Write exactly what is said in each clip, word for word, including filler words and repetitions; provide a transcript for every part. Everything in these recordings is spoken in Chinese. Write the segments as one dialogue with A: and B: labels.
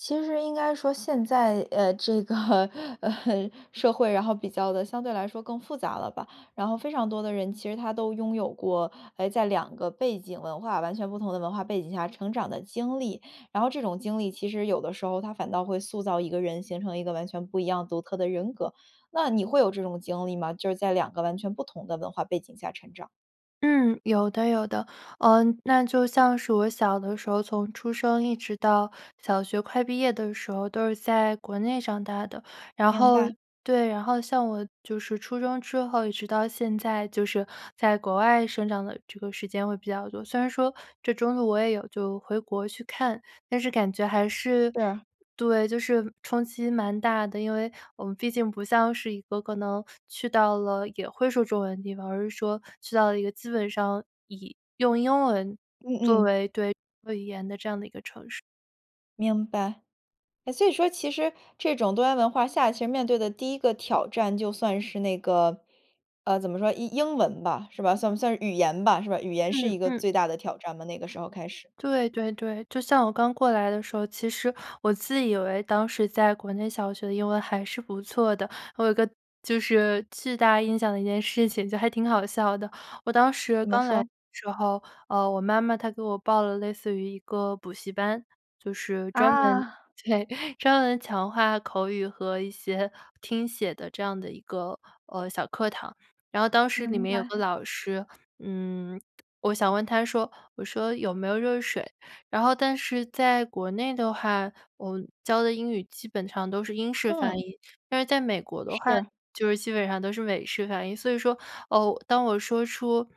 A: 其实应该说现在，呃，这个，呃，社会，然后比较地相对来说更复杂了吧。然后非常多的人，其实他都拥有过，哎，在两个背景文化完全不同的文化背景下成长的经历。然后这种经历其实有的时候，它反倒会塑造一个人，形成一个完全不一样独特的人格。那你会有这种经历吗？就是在两个完全不同的文化背景下成长。
B: 嗯，有的有的。呃，那就像是我小的时候，从出生一直到小学快毕业的时候，都是在国内长大的。然
A: 明
B: 后
A: 白。
B: 对，然后像我就是初中之后一直到现在，就是在国外生长的这个时间会比较多。虽然说这中途我也有就回国去看，但是感觉还是
A: 是。
B: 对，就是冲击蛮大的。因为我们毕竟不像是一个可能去到了也会说中文的地方，而是说去到了一个基本上以用英文
A: 嗯
B: 作
A: 嗯。
B: 为对，主要语言的这样的一个城市。
A: 明白。诶，所以说其实这种多元文化下其实面对的第一个挑战就算是那个，呃，怎么说？英英文吧，是吧？算不算是语言吧，是吧？语言是
B: 嗯
A: 一个
B: 嗯。
A: 最大的挑战吗，那个时候开始？
B: 对对对。就像我刚过来的时候，其实我自以为当时在国内小学的英文还是不错的。我有一个就是巨大印象的一件事情，就还挺好笑的。我当时
A: 怎么
B: 刚来的
A: 说？
B: 时候，呃，我妈妈她给我报了类似于一个补习班。就是专门
A: 啊。
B: 对，专门强化口语和一些听写的这样的一个，呃，小课堂。然后当时里
A: 明
B: 面有
A: 白。
B: 个老师，嗯，我想问他说，我说：“有没有热水”。然后但是在国内的话，我教的英语基本上都是英式发
A: 嗯。
B: 音。但是在美国的话，
A: 是。
B: 就是基本上都是美式发音。所以说，哦，当我说出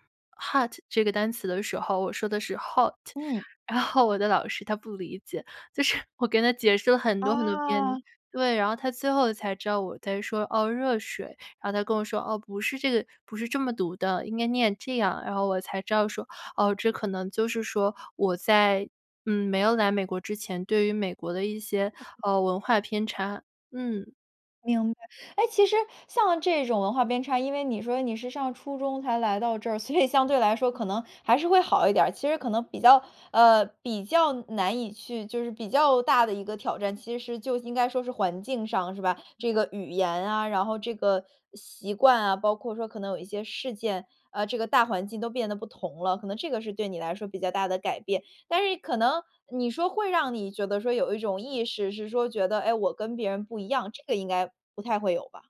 B: hot 这个单词的时候，我说的是 hot。
A: 嗯。
B: 然后我的老师他不理解，就是我给他解释了很多很多遍
A: 啊。
B: 对，然后他最后才知道我在说，哦，“热水”。然后他跟我说：“哦，不是这个不是这么读的，应该念这样。”然后我才知道说，哦，这可能就是说，我在，嗯，没有来美国之前，对于美国的一些，
A: 嗯嗯。
B: 嗯，文化偏差，嗯。
A: 明白，诶，其实像这种文化编差因为你说你是上初中才来到这儿，所以相对来说可能还是会好一点儿。其实可能比较呃，比较难以去就是比较大的一个挑战，其实就应该说是环境上，是吧？这个语言啊，然后这个习惯啊，包括说可能有一些事件啊，这个大环境都变得不同了。可能这个是对你来说比较大的改变。但是可能你说会让你觉得说有一种意识是说觉得：“诶，我跟别人不一样。”这个应该不太会有吧。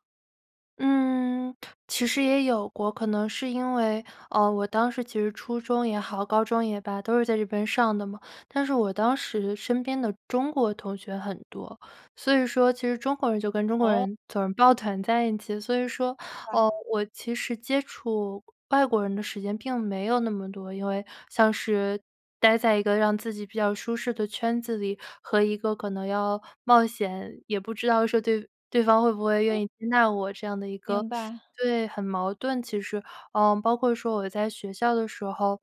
B: 嗯，其实也有过。可能是因为，呃，我当时其实初中也好、高中也罢，都是在这边上的嘛。但是我当时身边的中国同学很多。所以说其实中国人就跟中国
A: 哦。
B: 人总是抱团在一起。所以说，
A: 明白。
B: 呃，我其实接触外国人的时间并没有那么多，因为像是呆在一个让自己比较舒适的圈子里和一个可能要冒险，也不知道说对对方会不会
A: 嗯。
B: 愿意接纳我这样的一个
A: 明白。
B: 对，很矛盾其实。呃，包括说我在学校的时候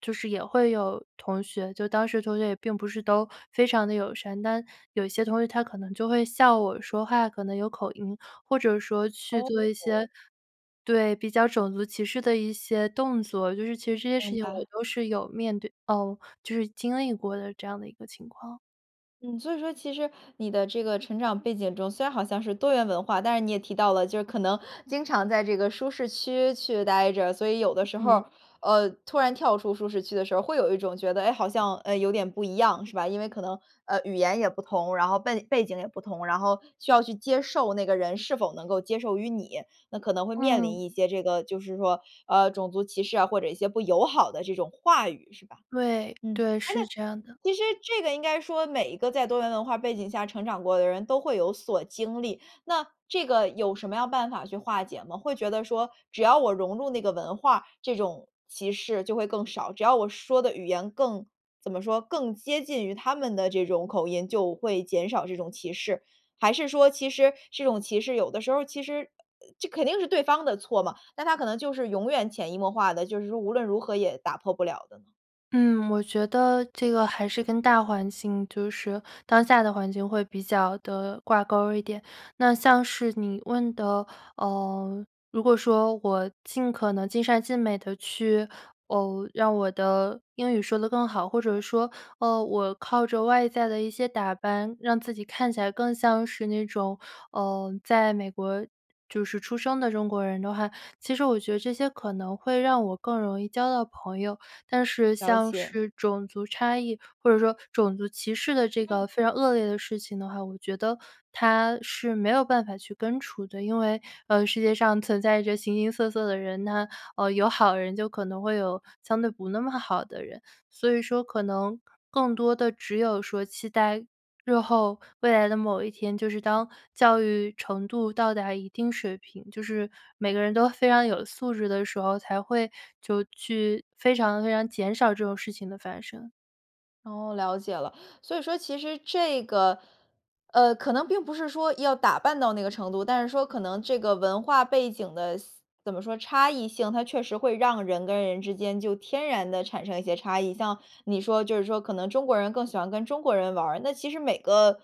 B: 就是也会有同学就当时同学也并不是都非常地友善，但有一些同学他可能就会笑我说话可能有口音，或者说去
A: 哦
B: 做一
A: 哦。
B: 些对，比较种族歧视的一些动作。就是其实这些
A: 明
B: 事情我
A: 白。
B: 都是有面对哦，就是经历过的，这样的一个情况。
A: 嗯，所以说其实你的这个成长背景中，虽然好像是多元文化，但是你也提到了，就是可能经常在这个舒适区去呆着。所以有的时候
B: 嗯。
A: 儿，呃，突然跳出舒适区的时候儿，会有一种觉得，诶，好像，嗯，有点不一样，是吧？因为可能，呃，语言也不同，然后笨背景也不同，然后需要去接受那个人是否能够接受于你，那可能会面临
B: 嗯。
A: 一些这个就是说，呃，种族歧视啊，或者一些不友好的这种话语，是吧？
B: 对，
A: 嗯，
B: 对，
A: 诶，那
B: 是这样的。
A: 其实这个应该说每一个在多元文化背景下成长过的人都会有所经历，那这个有什么样办法去化解吗？会觉得说，只要我融入那个文化，这种歧视就会更少？只要我说的语言更怎么说，更接近于他们的这种口音，就会减少这种歧视？还是说其实，这种歧视有的时候儿其实呃，这肯定是对方的错嘛，那它可能就是永远潜移默化的，就是说无论如何也打破不了的呢？
B: 嗯，我觉得这个还是跟大环境就是当下的环境会比较地挂钩儿一点。那像是你问的，呃，如果说我尽可能尽善尽美地去，呃，让我的英语说得更好，或者是说，呃，我靠着外在的一些打扮，让自己看起来更像是那种，呃，在美国就是出生的中国人的话，其实我觉得这些可能会让我更容易交到朋友。但是
A: 了
B: 像
A: 解。
B: 是种族差异，或者说种族歧视的这个
A: 嗯。
B: 非常恶劣的事情的话，我觉得它是没有办法去根除的。因为，呃，世界上存在着形形色色的人，那，呃，有好人就可能会有相对不那么好的人，所以说可能更多的只有说期待日后、未来的某一天，就是
A: 嗯。
B: 当教育程度到达一定水平，就是每个人都非常有素质的时候，才会就去非常非常减少这种事情的发生。
A: 哦，了解了。所以说其实这个呃，可能并不是说要打扮到那个程度，但是说可能这个文化背景的思怎么说，差异性，它确实会让人跟人之间就天然地产生一些差异。像你说就是说可能中国人更喜欢跟中国人玩儿，那其实每个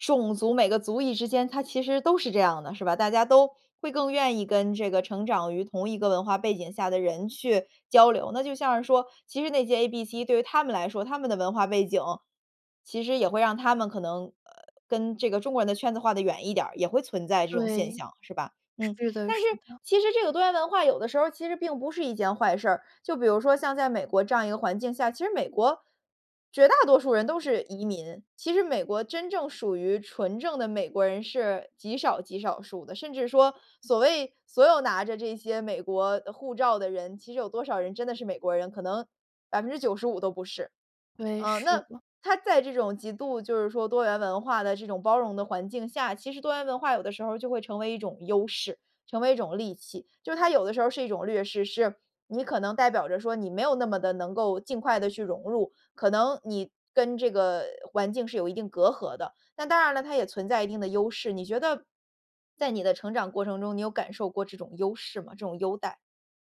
A: 种族、每个族裔之间，它其实都是这样的，是吧？大家都会更愿意跟这个成长于同一个文化背景下的人去交流。那就像是说其实那些 A B C 对于他们来说，他们的文化背景，其实也会让他们可能呃，跟这个中国人的圈子划得远一点儿，也会存在这种现
B: 对。
A: 象，是吧？嗯，
B: 是的
A: 但是
B: 是的。
A: 其实这个多元文化有的时候儿其实并不是一件坏事儿，就比如说像在美国这样一个环境下其实美国绝大多数人都是移民。其实美国真正属于纯正的美国人是极少极少数的，甚至说所谓所有拿着这些美国护照的人，其实有多少人真的是美国人，可能百分之九十五都不是。
B: 对，
A: 呃，
B: 是
A: 那
B: 的。
A: 他在这种极度就是说多元文化的这种包容的环境下其实多元文化有的时候儿就会成为一种优势、成为一种利器。就它有的时候儿是一种略势，是你可能代表着说你没有那么地能够尽快地去融入，可能你跟这个环境是有一定隔阂的。那当然了，它也存在一定的优势。你觉得在你的成长过程中，你有感受过这种优势吗？这种优待？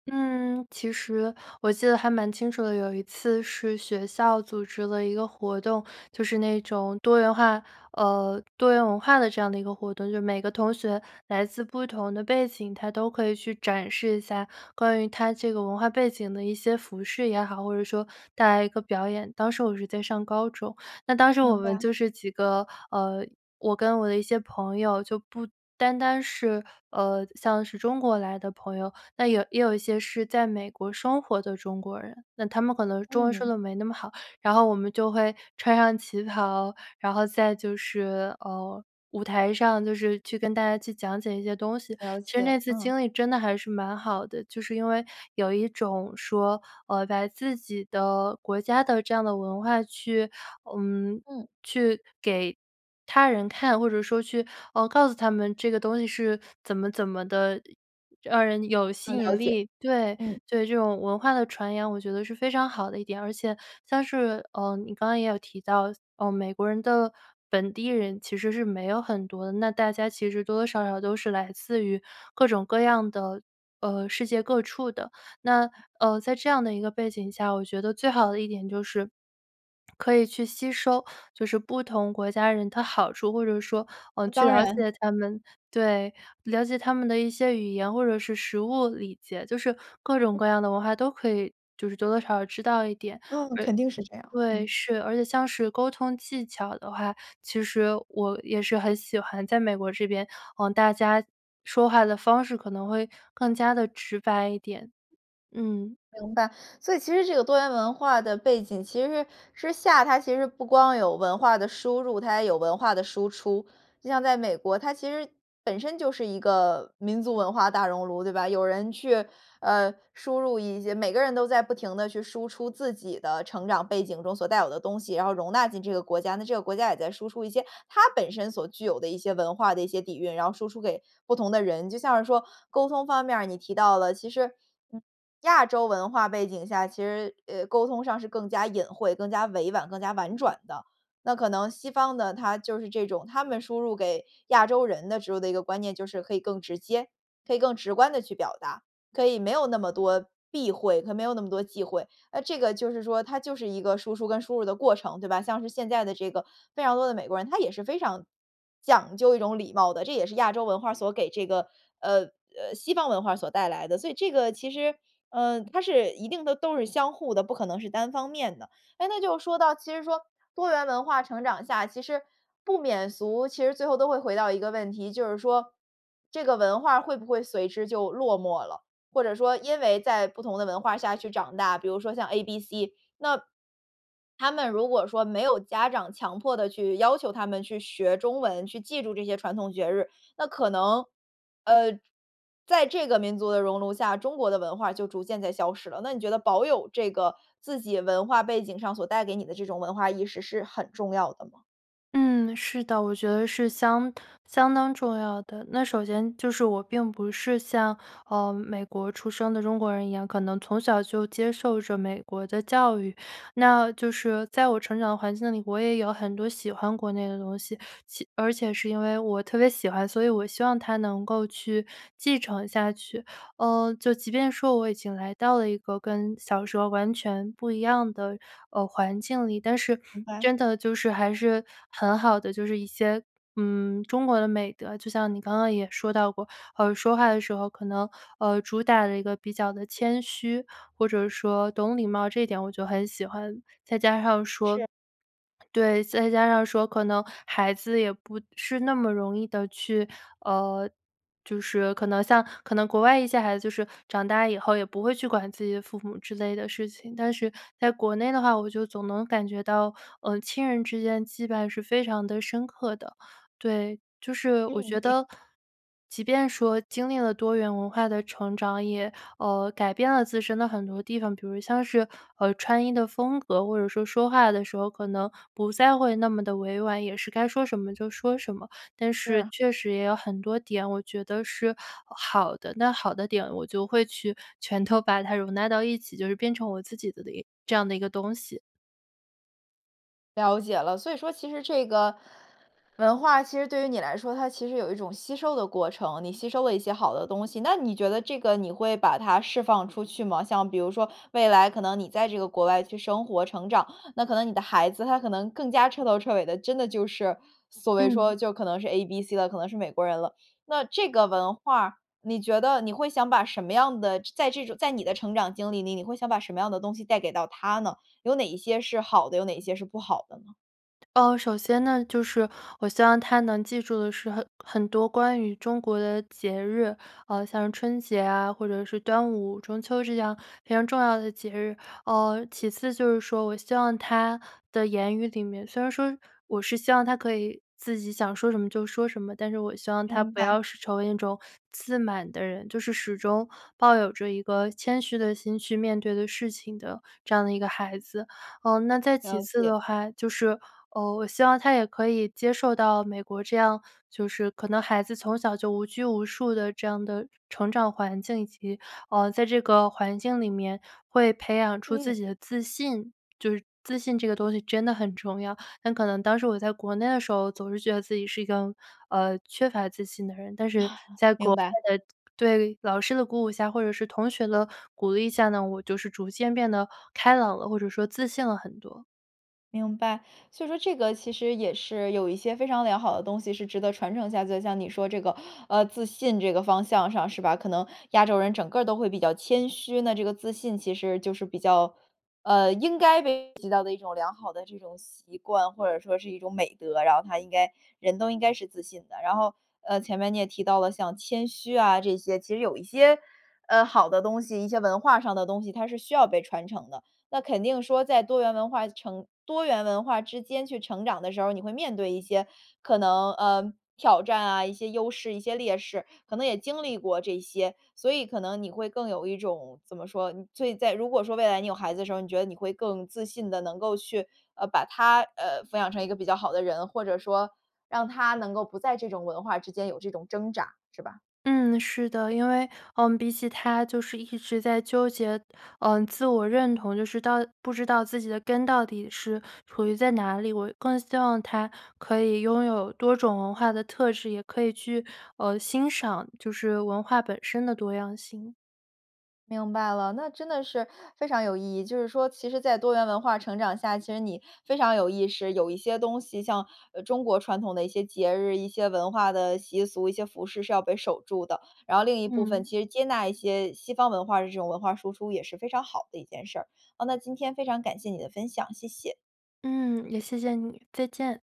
B: 嗯，其实我记得还蛮清楚的，有一次是学校组织了一个活动，就是那种多元化呃，多元文化的这样的一个活动，就是每个同学来自不同的背景，他都可以去展示一下关于他这个文化背景的一些服饰也好，或者说带来一个表演。当时我是在上高中，那当时
A: 明
B: 我们
A: 白。
B: 就是几个呃，我跟我的一些朋友，就不单单是呃，像是中国来的朋友，那有也有一些是在美国生活的中国人，那他们可能中文说
A: 嗯。
B: 得没那么好。然后我们就会穿上旗袍，然后再就是呃，舞台上就是去跟大家去讲解一些东西，
A: 了
B: 其实
A: 解，
B: 那次
A: 嗯。
B: 经历真的还是蛮好的。就是因为有一种说，呃，把自己的国家的这样的文化去嗯，
A: 嗯。
B: 去给他人看，或者说去，呃，告诉他们这个东西是怎么怎么地让人有吸
A: 嗯，了
B: 引
A: 解，
B: 力。对，
A: 嗯。
B: 对这种文化的传扬我觉得是非常好的一点。而且像是呃，你刚刚也有提到，呃，美国人的本地人其实是没有很多的，那大家其实多多少少都是来自于各种各样的呃，世界各处的。那呃，在这样的一个背景下，我觉得最好的一点就是，可以去吸收就是不同国家人他好处，或者说，呃，
A: 呃，
B: 去
A: 当
B: 了
A: 然。
B: 解他们对，了解他们的一些语言或者是实物理解，就是各种
A: 嗯。
B: 各样的文化都可以就是多多少少知道一点，
A: 嗯，
B: 而
A: 肯定是这样，
B: 对，
A: 嗯。
B: 是，而且像是沟通技巧的话，其实我也是很喜欢在美国这边呃，大家说话的方式可能会更加地直白一点，嗯。
A: 明白，所以其实这个多元文化的背景其实之下它其实不光有文化的输入，它也有文化的输出。就像在美国，它其实本身就是一个民族文化大熔炉，对吧？有人去，呃，输入一些每个人都在不停地去输出自己的成长背景中所带有的东西，然后容纳进这个国家。那这个国家也在输出一些它本身所具有的一些文化的一些底蕴，然后输出给不同的人。就像是说沟通方面儿你提到了，其实嗯，亚洲文化背景下，其实，呃，沟通上是更加隐晦、更加委婉、更加婉
B: 嗯。
A: 转的。那可能西方的，它就是这种它们输入给亚洲人的植入的一个观念就是可以更直接可以更直观地去表达，可以没有那么多避讳，可以没有那么多忌讳。那这个就是说它就是一个输出跟输入的过程，对吧？像是现在的这个非常多的美国人，他也是非常讲究一种礼貌的，这也是亚洲文化儿所给这个呃，呃，西方文化所带来的。所以这个其实呃，它是一定的都是相互的，不可能是单方面的。诶，那就说到其实说多元文化成长下，其实不免俗其实最后都会回到一个问题，就是说这个文化儿会不会随之就落寞了，或者说因为在不同的文化下去长大比如说像 A B C，那 他们如果说没有家长强迫地去要求他们去学中文，去记住这些传统绝日。那可能，呃，在这个民族的熔炉下，中国的文化儿就逐渐在消失了。那你觉得保有这个自己文化背景上所带给你的这种文化意识是很重要的吗？
B: 嗯，是的，我觉得是相相当重要的。那首先就是我并不是像，呃，美国出生的中国人一样，可能从小就接受着美国的教育。那就是在我成长的环境里，我也有很多喜欢国内的东西，且而且是因为我特别喜欢，所以我希望它能够去继承下去。呃，就即便说我已经来到了一个跟小时候完全不一样的，呃，环境里，但是
A: 明白。
B: 真的就是，还是很好的就是一些，嗯，中国的美德。就像你刚刚也说到过，呃，说话的时候可能，呃，主打的一个比较地谦虚，或者说懂礼貌这一点我就很喜欢。再加上说
A: 是。
B: 对，再加上说可能孩子也不是那么容易地去，呃，就是可能像可能国外一些孩子就是长大以后也不会去管自己的父母之类的事情。但是在国内的话，我就总能感觉到，呃，亲人之间羁绊是非常地深刻的。对，就是我
A: 嗯。
B: 觉
A: 一个
B: 得即便说经历了多元文化的成长，也呃，改变了自身的很多地方，比如像是，呃，穿衣的风格，或者说说话的时候，可能不再会那么地委婉，也是该说什么就说什么。但是
A: 是。
B: 确实也有很多点，我觉得是好的。那好的点我就会去全都把它容纳到一起，就是变成我自己的一这样的一个东西。
A: 了解了，所以说其实这个文化其实对于你来说，它其实有一种吸收的过程，你吸收了一些好的东西，那你觉得这个你会把它释放出去吗？像比如说未来可能你在这个国外去生活、成长，那可能你的孩子，他可能更加彻头彻尾的真的就是所谓说
B: 嗯。
A: 就是可能是 ABC 了，可能是美国人了。那这个文化，你觉得，你会想把什么样的在这种在你的成长经历里，你会想把什么样的东西带给到他呢？有哪一些是好的，有哪一些是不好的呢？
B: 呃，首先呢，就是我希望他能记住的是很很多关于中国的节日，呃，像春节啊，或者是端午、中秋这样非常重要的节日。呃，其次就是说，我希望他的言语里面虽然说我是希望他可以自己想说什么就说什么，但是我希望他
A: 明
B: 不
A: 白。
B: 要是成为那种自满的人，就是始终抱有着一个谦虚的心去面对的事情的这样的一个孩子。呃，那再其
A: 了
B: 次
A: 解。
B: 的话，就是，呃，我希望他也可以接受到美国这样就是可能孩子从小就无拘无束的这样的成长环境，以及，呃，在这个环境里面会培养出
A: 嗯。
B: 自己的自信，就是自信这个东西真的很重要。很可能当时我在国内的时候，总是觉得自己是一个，呃，缺乏自信的人，但是 在国
A: 明白。
B: 外的对，老师的鼓舞下，或者是同学的鼓励下呢，我就是逐渐变得开朗了，或者说自信了很多。
A: 明白，所以说这个其实也是有一些非常良好的东西是值得传承下去的。就像你说这个呃，自信这个方向上是吧，可能亚洲人整个儿都会比较谦虚，那这个自信其实就是比较呃，应该被普及到的一种良好的这种习惯，或者说是一种美德，然后它应该人都应该是自信的。然后，呃，前面你也提到了像谦虚啊这些，其实有一些，呃，好的东西，一些文化上的东西，它是需要被传承的。那肯定说在多元文化成多元文化之间去成长的时候儿，你会面对一些可能，呃，挑战啊，一些优势，一些劣势，可能也经历过这些。所以可能你会更有一种怎么说，所以在如果说未来你有孩子的时候儿，你觉得你会更自信地能够去，呃，把他，呃，抚养成一个比较好的人，或者说让他能够不在这种文化之间有这种挣扎，是吧。
B: 嗯，是的，因为，呃，比起他就是一直在纠结，呃，自我认同，就是到不知道自己的根到底是处于在哪里，我更希望他可以拥有多种文化的特质，也可以去，呃，欣赏就是文化本身的多样性。
A: 明白了，那真的是非常有意义。就是说其实在多元文化成长下，其实你非常有意识，有一些东西，像，呃，中国传统的一些节日，一些文化的习俗，一些服饰是要被守住的。然后另一部分
B: 嗯。
A: 其实接纳一些西方文化的这种文化输出也是非常好的一件事儿。啊，那今天非常感谢你的分享，谢谢。
B: 嗯，也谢谢你，再见。